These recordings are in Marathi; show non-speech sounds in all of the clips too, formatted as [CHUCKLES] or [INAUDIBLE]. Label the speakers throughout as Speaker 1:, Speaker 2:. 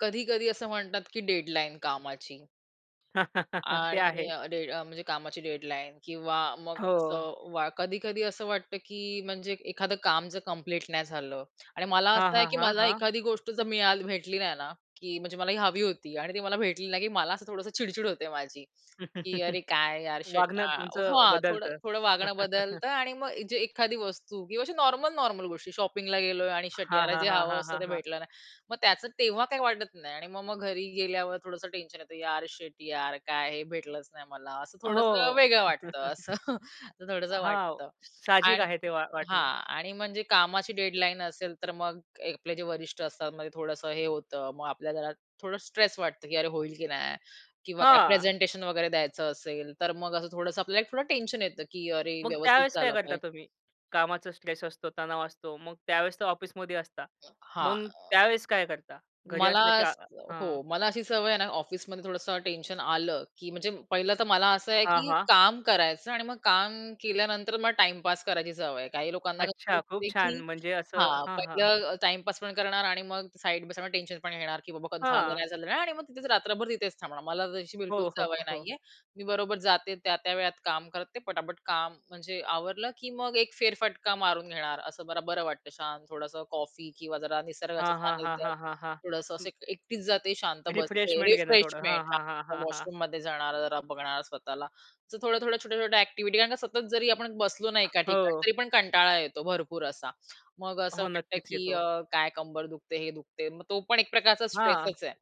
Speaker 1: कधी-कधी असं म्हणतात, की डेडलाईन कामाची.
Speaker 2: [CHUCKLES] ते
Speaker 1: आणि
Speaker 2: आहे.
Speaker 1: अ, डेड म्हणजे कामाची डेडलाईन किंवा मग
Speaker 2: हो.
Speaker 1: असं वा कधी-कधी असं वाटतं, की म्हणजे एखादं काम जर कंप्लीट नाही झालं. आणि मला
Speaker 2: हां,
Speaker 1: असं आहे
Speaker 2: हां,
Speaker 1: की
Speaker 2: हां,
Speaker 1: मला
Speaker 2: हां.
Speaker 1: एखादी गोष्ट जर मीळा भेटली नाही ना, की म्हणजे मला ही हवी होती आणि ती मला भेटली नाही की मला असं थोडंसं चिडचिड होते माझी. की अरे
Speaker 2: [CHUCKLES]
Speaker 1: काय यार शीट
Speaker 2: वागणं तुमचं
Speaker 1: हां, थोडं
Speaker 2: बदलतं.
Speaker 1: थोडं वागणं
Speaker 2: [CHUCKLES]
Speaker 1: बदलतं आणि मग जे एखादी वस्तू किंवा अशी नॉर्मल, नॉर्मल गोष्टी शॉपिंगला गेलोय आणि शिट
Speaker 2: हां,
Speaker 1: यार
Speaker 2: हां,
Speaker 1: जे
Speaker 2: हां,
Speaker 1: हवं
Speaker 2: हां,
Speaker 1: असतं
Speaker 2: हां,
Speaker 1: ते
Speaker 2: हां.
Speaker 1: भेटलं नाही. मग त्याचं तेव्हा काही वाटत नाही आणि मग मग घरी गेल्यावर थोडंसं टेन्शन येतं यार शिट यार काय हे भेटलंच नाही मला, असं थोडंसं
Speaker 2: हो.
Speaker 1: वेगळं वाटतं
Speaker 2: [CHUCKLES]
Speaker 1: असं. असं थोडंसं
Speaker 2: हो,
Speaker 1: वाटतं.
Speaker 2: साहजिक
Speaker 1: आणि
Speaker 2: आहे ते वा वाटणं.
Speaker 1: हां, आणि म्हणजे कामाची डेडलाईन असेल तर मग आपले जे वरिष्ठ असतात मग थोडंसं हे होतं मग आपल्याला जरा थोडं स्ट्रेस वाटतं की अरे होईल की नाही किंवा काय
Speaker 2: हां.
Speaker 1: प्रेझेंटेशन वगैरे द्यायचं असेल तर मग असं थोडंसं आपल्याला थोडं टेन्शन येतं की अरे
Speaker 2: मग
Speaker 1: व्यवस्थित
Speaker 2: त्यावेळेस काय
Speaker 1: झालं
Speaker 2: करता
Speaker 1: पाहिज
Speaker 2: तुम्ही? कामाचा स्ट्रेस असतो, तणाव असतो. मग त्यावेळेस तर ऑफिसमध्ये असता.
Speaker 1: हां.
Speaker 2: मग त्यावेळेस काय करता? घरी
Speaker 1: मला
Speaker 2: असलं की हां.
Speaker 1: हो, मला अशी सवय आहे ना, ऑफिसमध्ये थोडसं टेन्शन आलं की म्हणजे पहिलं तर मला असं आहे,
Speaker 2: हां,
Speaker 1: की
Speaker 2: हां.
Speaker 1: काम करायचं आणि मग काम केल्यानंतर मला टाईमपास करायची सवय आहे. काही लोकांना कसं
Speaker 2: अच्छा खूप
Speaker 1: असते की
Speaker 2: छान म्हणजे असं
Speaker 1: हां,
Speaker 2: हां, हां.
Speaker 1: पहिलं टाईम पास पण करणार आणि मग साइड बाय साइड टेन्शन पण घेणार की बाबा झालं
Speaker 2: हां.
Speaker 1: नाही झालं नाही आणि मग तिथेच रात्रभर तिथेच थांबणार. मला तशी बिलकुल
Speaker 2: हो, हो,
Speaker 1: सवय
Speaker 2: हो, हो.
Speaker 1: नाहीये. मी बरोबर जाते त्या-त्या वेळात काम करते पटापट काम म्हणजे आवरलं की मग एक फेरफटका मारून घेणार असं मला बरं वाटतं शांत थोडंसं कॉफी किंवा जरा निसर्गाच्या
Speaker 2: हां, हां, हां,
Speaker 1: सानिध्यात,
Speaker 2: हां, हां,
Speaker 1: थोडंसं असं
Speaker 2: हां,
Speaker 1: एकटीच जाते शांत बसते.
Speaker 2: रिफ्रेशमेंट घेणं थोडं. हां,
Speaker 1: रिफ्रेशमेंट [UNINTELLIGIBLE]
Speaker 2: हां, हां, हां, हां.
Speaker 1: वॉशरूममध्ये जाणारा जरा बघणार स्वतःला असं थोड्या-थोड्या, छोट्या-छोट्या एक्टिव्हिटी कारण का सतत जरी आपण बसलो ना, एका ठिकाणी
Speaker 2: हो.
Speaker 1: तरी पण कंटाळा येतो भरपूर असा. मग असं
Speaker 2: हो,
Speaker 1: वाटतं
Speaker 2: नक्कीच
Speaker 1: की
Speaker 2: येतो.
Speaker 1: अ, काय कंबर दुखते, हे दुखते मग तो पण एक प्रकारचा
Speaker 2: हां,
Speaker 1: स्ट्रेसच आहे.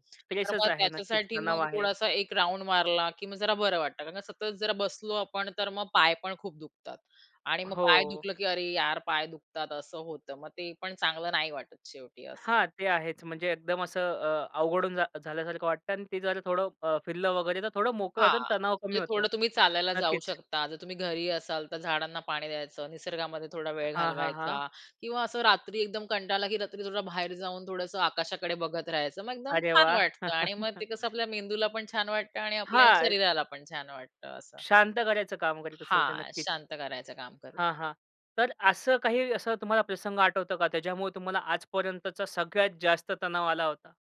Speaker 1: तर
Speaker 2: स्ट्रेसच
Speaker 1: मग
Speaker 2: आहे नक्कीच
Speaker 1: त्याच्यासाठी
Speaker 2: तणाव
Speaker 1: मग
Speaker 2: आहे.
Speaker 1: थोडासा 1 राउंड मारला की मग जरा बरं वाटतं कारण सतत जरा बसलो आपण तर मग पाय पण खूप दुखतात आणि मग पाय
Speaker 2: हो.
Speaker 1: दुखलं, की अरे यार पाय दुखतात असं होतं मग ते पण चांगलं नाही वाटत शेवटी असं.
Speaker 2: हां, ते आहेच. म्हणजे एकदम असं अ, अवघडून झा झाल्यासारखं वाटतं आणि ते जर थोडं अ, फिरलं वगैरे तर थोडं मोकळ
Speaker 1: हां,
Speaker 2: होतं आणि तणाव कमी
Speaker 1: म्हणजे
Speaker 2: होतो.
Speaker 1: थोडं तुम्ही चालायला जाऊ
Speaker 2: नक्कीच.
Speaker 1: शकता. जर तुम्ही घरी असाल तर झाडांना पाणी द्यायचं, निसर्गामध्ये थोडा वेळ
Speaker 2: हां, हां, हां.
Speaker 1: घालवायचा किंवा असं रात्री एकदम कंटाळा आला की रात्री थोडं बाहेर जाऊन थोडंसं आकाशाकडे बघत राहायचं मग एकदम
Speaker 2: अरे
Speaker 1: छान
Speaker 2: वाह!
Speaker 1: वाटतं आणि मग ते कसं
Speaker 2: [CHUCKLES]
Speaker 1: आपल्या मेंदूला पण छान वाटतं आणि आपल्या
Speaker 2: हां.
Speaker 1: शरीराला पण छान वाटतं असं.
Speaker 2: शांत करायचं काम करीत असेल ते
Speaker 1: हां,
Speaker 2: नक्कीच.
Speaker 1: शांत करायचं काम करू.
Speaker 2: हां, हां. तर असं काही असं तुम्हाला प्रसंग आठवतो का त्याच्यामुळे तुम्हाला आज पर्यंतचा सगळ्यात जास्त तणाव आला होता?